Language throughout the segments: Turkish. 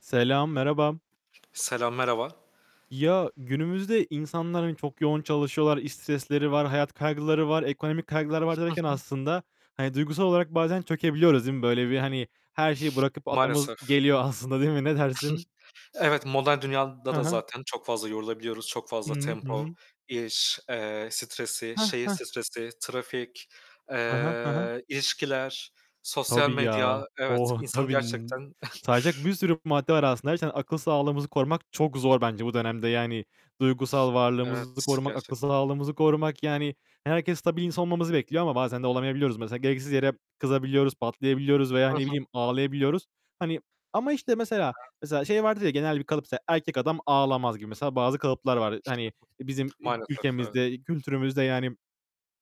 Selam, merhaba. Selam merhaba. Ya, günümüzde insanlar, hani, çok yoğun çalışıyorlar. İş stresleri var. Hayat kaygıları var. Ekonomik kaygıları var Hı derken hı. aslında, hani, duygusal olarak bazen çökebiliyoruz değil mi? Böyle bir, hani, her şeyi bırakıp atlamamız Maalesef. geliyor aslında değil mi? Ne dersin? Evet modern dünyada Hı da hı. zaten çok fazla yorulabiliyoruz, çok Hı fazla hı. Hı tempo, hı. iş, eee, stresi, Heh şehir heh. stresi, trafik, He he. He he. eee, ilişkiler, sosyal Tabii ya. medya, evet, Oh, insanı tabii. N gerçekten sayacak bir sürü madde var aslında. Her şeyden akıl sağlığımızı korumak çok zor bence bu dönemde. Yani, duygusal varlığımızı Evet, korumak, akıl gerçekten. sağlığımızı korumak. Yani, herkes stabil bir insan olmamızı bekliyor ama bazen de olamayabiliyoruz mesela. Gereksiz yere kızabiliyoruz, patlayabiliyoruz veya, Hı hı. Hı ne bileyim, hı. ağlayabiliyoruz. Hani, ama işte, mesela Evet. mesela şey vardır ya, genel bir kalıp mesela erkek adam ağlamaz gibi mesela bazı kalıplar var. Hı Hani bizim hı. ü Maalesef, evet. ülkemizde, kültürümüzde, yani,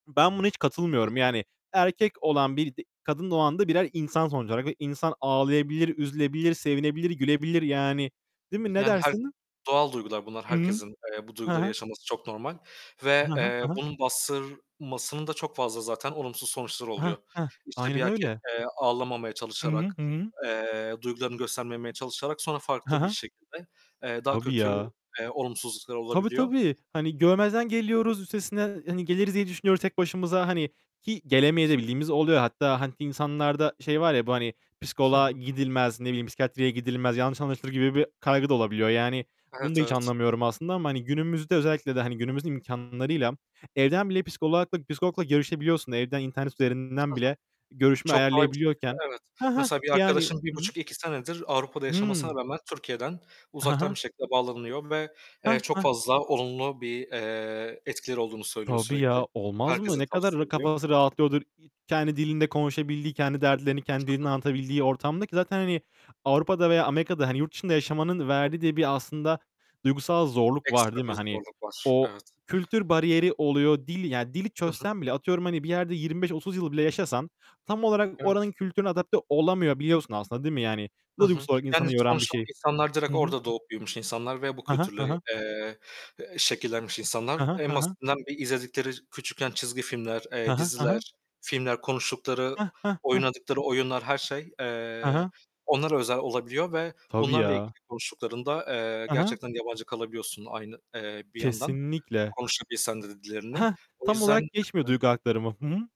ben buna hiç Hı katılmıyorum. hı. Yani erkek olan birisi, kadın da o anda birer insan sonuç olarak ve insan ağlayabilir, üzülebilir, sevinebilir, gülebilir, yani. Değil mi? Ne Yani, her dersin? doğal duygular bunlar, Hı hı. herkesin, eee, bu He duyguları he. yaşaması çok normal He ve, he, eee, he he. bunun bastırmasının da çok fazla zaten olumsuz sonuçları Heh oluyor. heh. İşte bir Aynen erkek, öyle. eee, ağlamamaya Hı hı. çalışarak, Hı hı. eee, duygularını göstermemeye çalışarak sonra He farklı bir he. şekilde, eee, daha Tabii kötü, ya. eee, olumsuzluklar Tabii olabiliyor. tabii. Hani, görmezden geliyoruz. Üstesinden, hani, geliriz diye düşünüyoruz tek başımıza. Hani ki gelemeye de bildiğimiz oluyor. Hatta hani insanlarda şey var ya bu hani Hı psikoloğa hı. gidilmez. Ne bileyim psikiyatriye gidilmez. Yanlış anlaşılır gibi bir kaygı da olabiliyor. Yani, bunu da Evet, hiç evet. anlamıyorum aslında ama hani günümüzde Hı hı. özellikle de, hani, günümüzün imkânlarıyla evden bile psikolagla psikologla görüşebiliyorsun. Evden internet Hı üzerinden hı. bile görüşme Çok kolay bir şekilde, ayarlayabiliyorken. evet. Heh heh, Mesela bir yani. arkadaşım 1,5 Hı hı. buçuk, 2 senedir Avrupa'da yaşamasına Hıı. rağmen Türkiye'den He uzaktan he. bir şekilde bağlanıyor ve, eee, Heh çok heh. fazla olumlu bir, eee, etkileri olduğunu söylüyor Tabii sürekli. ya. Olmaz mı? Herkese Ne kadar tavsiye r ediyor. kafası rahatlıyordur e kendi dilinde konuşabildiği, kendi dertlerini Hı kendi hı. dilinde anlatabildiği ortamdaki zaten, hani, Avrupa'da veya Amerika'da hani yurt dışında yaşamanın Hı. verdiği de bir aslında duygusal zorluk var, Ekstra değil mi? bir Hani, zorluk var, o, evet. kültür bariyeri oluyor. Dil, ya dili Hı hı. çözsen bile atıyorum, hani, bir yerde 25-30 yıl bile yaşasan tam olarak Evet. oranın kültürüne adapte olamayabiliyorsun aslında, değil mi? Bu Hı da hı, duygusu olarak yani, insanı yoran bir sonuçta o şey. insanlar Hı direkt hı. orada doğup büyümüş insanlar ve bu He he, kültürle, he he. eee, şekillenmiş insanlar. He he, En he he. basitinden bir izledikleri küçükken çizgi filmler, He eee, he, he he. diziler, filmler, konuştukları, Heh, heh, heh. oynadıkları oyunlar, her şey, He he. eee, onlara özel olabiliyor ve Tabii bunlarla ya. ilgili konuştuklarında, eee, He he. gerçekten yabancı kalabiliyorsun aynı, eee, bir yandan Kesinlikle. konuşabilsen de dillerini. Heh, O tam yüzden olarak geçmiyor Hı hı. duygu aktarımı. Hı hı.